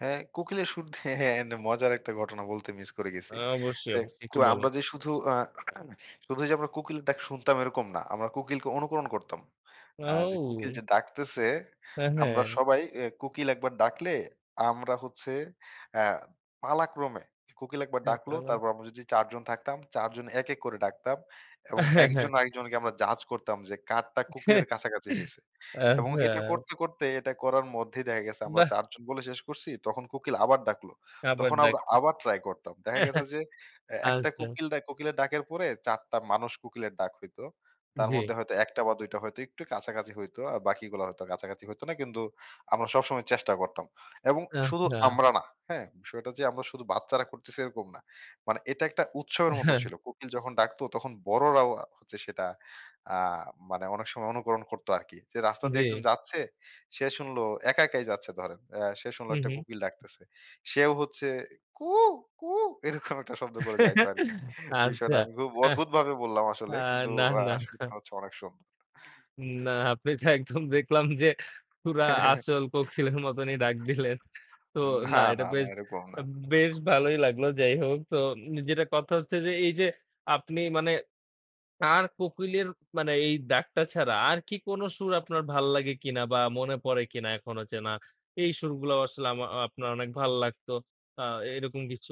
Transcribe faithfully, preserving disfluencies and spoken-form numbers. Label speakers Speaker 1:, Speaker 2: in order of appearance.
Speaker 1: হ্যাঁ কোকিলের সুর ধে হ্যাঁ, হ্যাঁ মজার একটা ঘটনা বলতে মিস করে গেছি।
Speaker 2: অ্যা অবশ্যই,
Speaker 1: দেখ,
Speaker 2: অবশ্যই
Speaker 1: কু
Speaker 2: একটু বলেন।
Speaker 1: আমরা যে শুধু আ শুধু যে আমরা কুকিলএর ডাক শুনতাম এরকম না। আমরা কুকিলকে অনুকরণ করতাম। আ যে কুকিল
Speaker 2: আউ।
Speaker 1: যে ডাকতেছে
Speaker 2: হ্যাঁ,
Speaker 1: আমরা
Speaker 2: হ্যাঁ।
Speaker 1: সবাই ইয়ে কুকিল একবার ডাকলে আমরা হচ্ছে অ্যা পালাক্রমে কোকিল একবার
Speaker 2: হ্যাঁ
Speaker 1: ডাকলো
Speaker 2: পালান।
Speaker 1: তারপর আমরা যদি চার জন থাকতাম, চার জন এক এক করে ডাকতাম এবং
Speaker 2: হ্যাঁ, হ্যাঁ।
Speaker 1: একজন আর একজনকে আমরা জাজ করতাম যে কারটা কোকিলের কাছাকাছি হইছে এবং
Speaker 2: আচ্ছা।
Speaker 1: এটা করতে, করতে এটা করার মধ্যেই দেখা গেছে আমরা
Speaker 2: বাহ!
Speaker 1: চারজন বলে শেষ করছি। তখন কোকিল আবার ডাকলো।
Speaker 2: আবার
Speaker 1: তখন আমরা
Speaker 2: ডাকছে।
Speaker 1: আবার ট্রাই করতাম। দেখা
Speaker 2: হ্যাঁ,
Speaker 1: গেছে
Speaker 2: হ্যাঁ।
Speaker 1: যে, অ্যা একটা
Speaker 2: আচ্ছা।
Speaker 1: কোকিল ডাক কোকিলের ডাকের পরে চার টা মানুষ কোকিলের ডাক হইত। তার মধ্যে
Speaker 2: জি।
Speaker 1: হয়তো এক টা বা দুই টা হয়তো একটু কাছাকাছি হইতো। আর বাকিগুলা হয়তো কাছাকাছি হইত না। কিন্তু আমরা সবসময় চেষ্টা করতাম এবং শুধু
Speaker 2: আচ্ছা।
Speaker 1: আমরা না, হ্যাঁ! বিষয়টা যে আমরা শুধু বাচ্চারা করতেছি এরকম না। মানে এটা একটা উৎসবের মতো
Speaker 2: হ্যাঁ।
Speaker 1: ছিল। কোকিল যখন ডাকত তখন বড়রাও আ হচ্ছে সেটা আ মানে অনেক সময় অনুকরণ করত আরকি। যে রাস্তা দিয়ে একজন
Speaker 2: জি।
Speaker 1: যাচ্ছে, সে শুনল একা, একাই যাচ্ছে ধরেন। আ সে শুনলো
Speaker 2: হুম,
Speaker 1: একটা
Speaker 2: হুম।
Speaker 1: কোকিল ডাকতেছে। সেও হচ্ছে কুহু, কুহু এরকম একটা শব্দ করে যাইতো আরকি। বিষয়টা
Speaker 2: আচ্ছা
Speaker 1: আমি খুব
Speaker 2: হ্যাঁ
Speaker 1: অদ্ভুত ভাবে বললাম
Speaker 2: আ
Speaker 1: আসলে। কিন্তু
Speaker 2: না,
Speaker 1: আ
Speaker 2: না।
Speaker 1: সুরটা হচ্ছে অনেক সুন্দর।
Speaker 2: না আপনি তো একদম দেখলাম যে পুরা আসল কোকিলের মতোনই ডাক দিলেন। তো
Speaker 1: না,
Speaker 2: না এটা
Speaker 1: না, না,
Speaker 2: বেশ
Speaker 1: এরকম না।
Speaker 2: বেশ ভালোই লাগলো। যাই হোক। তো নি যেটা কথা হচ্ছে যে এই যে আপনি মানে তার কোকিলের মানে এই ডাকটা ছাড়া আর কি কোন সুর আপনার ভাল লাগে কিনা বা মনে পড়ে কিনা এখনো চেনা, এই সুরগুলো আসলে আমা আপনার অনেক ভাল লাগত আ এরকম কিছু?